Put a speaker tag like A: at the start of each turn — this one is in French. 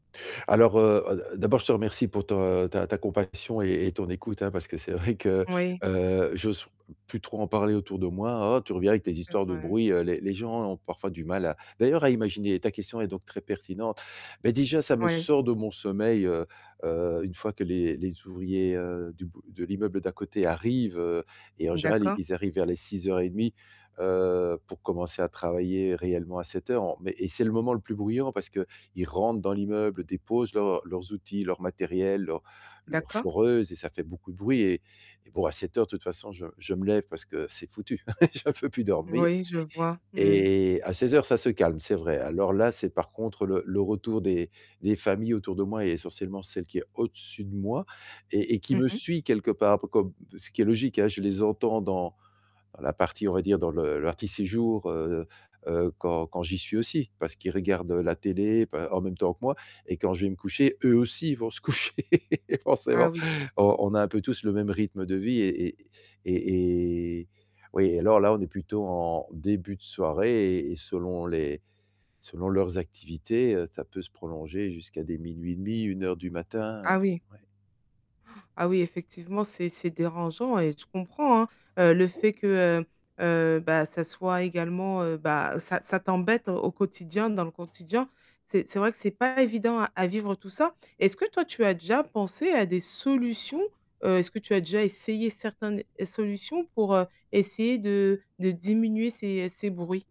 A: Alors, heu-heu, d'abord, je te remercie pour ta ta ta compassion et et ton écoute, hein, parce que c'est vrai que,
B: Oui.
A: heu, j'ose plus trop en parler autour de moi: «Oh, tu reviens avec les
B: C'est
A: histoires de
B: vrai.
A: bruit». Heu, les les gens ont parfois du mal à d'ailleurs à imaginer ta question est donc très pertinente, mais déjà, ça me
B: Oui.
A: sort de mon sommeil, heu heu, une fois que les les ouvriers, heu, du bout de l'immeuble d'à côté arrivent, heu, et en général,
B: D'accord.
A: ils arrivent vers les 06:30, heu, pour commencer à travailler réellement à 07:00. En mais et c'est le moment le plus bruyant parce qu'ils rentrent dans l'immeuble, déposent leurs leurs outils, leur matériel, leur leur
B: D'accord.
A: foreuse et ça fait beaucoup de bruit et et bon, à 07:00, de toute façon, je je me lève parce que c'est foutu, je peux plus dormir
B: Oui, je vois. Mmh mh.
A: et à 16:00, ça se calme, c'est vrai. Alors là, c'est par contre, le le retour des des familles autour de moi et essentiellement celle qui est au dessus de moi et et qui
B: Mmh
A: me
B: mh.
A: suit quelque part, un peu comme ce qui est logique, hein, je les entends dans dans la partie on va dire, dans le l'arti séjour, heu, quand j'y suis aussi, parce qu'ils regardent la télé, pe en même temps que moi et quand je vais me coucher, eux aussi, vont se coucher forcément.
B: Ah oui.
A: On on a un peu tous le même rythme de vie et et et et oui, alors là on est plutôt en début de soirée et et selon les selon leurs activités, heu, ça peut se prolonger jusqu'à des 00:30, 01:00 du matin,
B: Ah oui.
A: ouais.
B: Ah oui, effectivement, c'est c'est dérangeant, et je comprends, hein. Heu, le fait que, heu heu, bah, ça soit également, heu, bah, ça ça t'embête au au quotidien, dans le quotidien. C'est c'est vrai que c'est pas évident à à vivre, tout ça. Est-ce que toi, tu as déjà pensé à des solutions? Heu, est-ce que tu as déjà essayé certain ne es solutions pour, heu, essayer de de diminuer ces ces bruits?